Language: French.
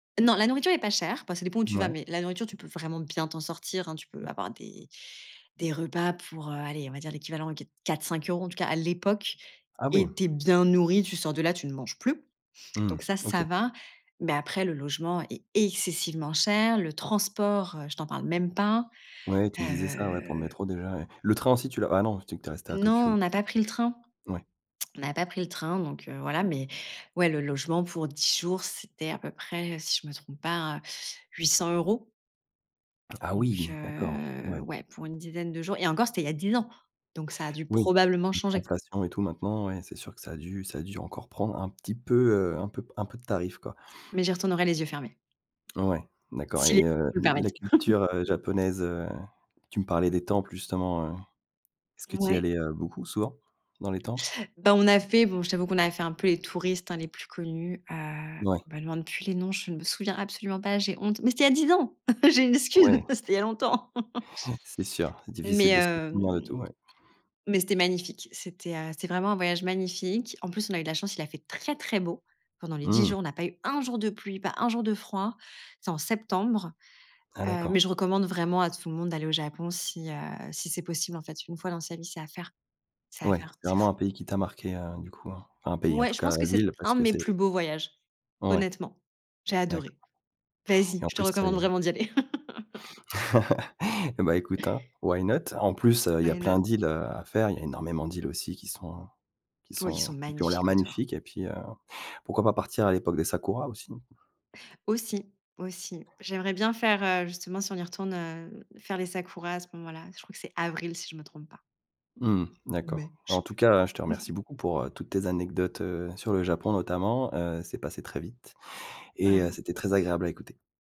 Non la nourriture est pas chère pa ça dépend où tu vas, Mouais. mais la nourriture, tu peux vraiment bien t'en sortir, hein. Tu peux avoir des des repas pour, heu, allez, on va dire l'équivalent de qua quatre 5 € en tout cas, à l'époque. Ah oui. Et tu es bien nourri, tu sors de là, tu ne manges plus. Mmh, Donc ça, OK. ça va. Mais après, le logement est excessivement cher. Le transport, heu, je t'en parle même pas, Ouais, tu me disais ça, ouais, pour le heu métro déjà, ouais. Le train aussi, tu l'as ah non, tu disais que tu es restée à Tokyo, Non, donc, on n'a pas pris le train, heu. Ouais. on n'a pas pris le train. Donc, heu, voilà, mais, ouais, le logement pour 10 jours, c'était à peu près, si je me trompe pas, 800 € Ah donc oui! D'accord, heu, ouais. ouais, pour une dizaine de jours et encore, c'était il y a 10 ans. Donc ça a dû Oui, probablement changer. l'inflation et tout maintenant, ouais, c'est sûr que ça a dû ça a dû encore prendre un petit peu, heu, un peu p un peu de tarif, quoi. Mais j'y retournerai les yeux fermés Ouais, d'accord. si les Et [unintelligible] heu, nous le l la permettent. culture, heu, japonaise, heu, tu me parlais des temples justement, heu, est-ce que tu y Ouais. allais, heu, beaucoup, souvent dans les temples? Bah, on a fait, bon, je t'avoue qu'on a fait un peu les touristes, hein, les plus connus, heu, Ouais. me demande plus les noms, je ne me souviens absolument pas, j'ai honte, mais c'était il y a 10 ans. J'ai une excuse, Ouais. c'était il y a longtemps C'est sûr. mais, Difficile de se souvenir de tout, hem, ouais. mais c'était magnifique, c'était, heu, c'était vraiment un voyage magnifique. En plus, on a eu de la chance, il a fait très, très beau. Pendant les 10 Mmh. jours, on n'a pas eu un jour de pluie, pas un jour de froid. C'est en septembre. Ah Heu, mais d'accord. je recommande vraiment à tout le monde d'aller au Japon si, heu, si c'est possible en fait, 1 fois dans sa vie, c'est à faire, c'est à Ouais, faire, c'est c'est vraiment un fou. pays qui t'a marquée, heu, du coup, enfin un pays en Ouais, tout je cas pense que la c'est ville, parce un de que mes plus c'est beaux voyages. Ouais, Honnêtement, j'ai d'accord. adoré. Vas-y, Et en je te plus c'est recommande vraiment d'y aller. Eh, bah, écoute, hein, why not? En plus, heu, il y a Why plein not? d'îles, heu, à faire, il y a énormément d'îles aussi qui sont qui P oh, ils sont sont qui ont l'air magnifiques autour. magnifiques et puis, heu, pourquoi pas partir à l'époque des sakura, aussi. Aussi, aussi. J'aimerais bien faire, heu, justement, si on y retourne, heu, faire les sakura à ce moment-là. Je crois que c'est avril, si je me trompe pas Mmh. ou D'accord. mai, je sais En tout cas, heu, je te plus. remercie beaucoup pour, heu, toutes tes anecdotes, heu, sur le Japon notamment, heu, c'est passé très vite et heu, Vraiment. c'était très agréable à écouter.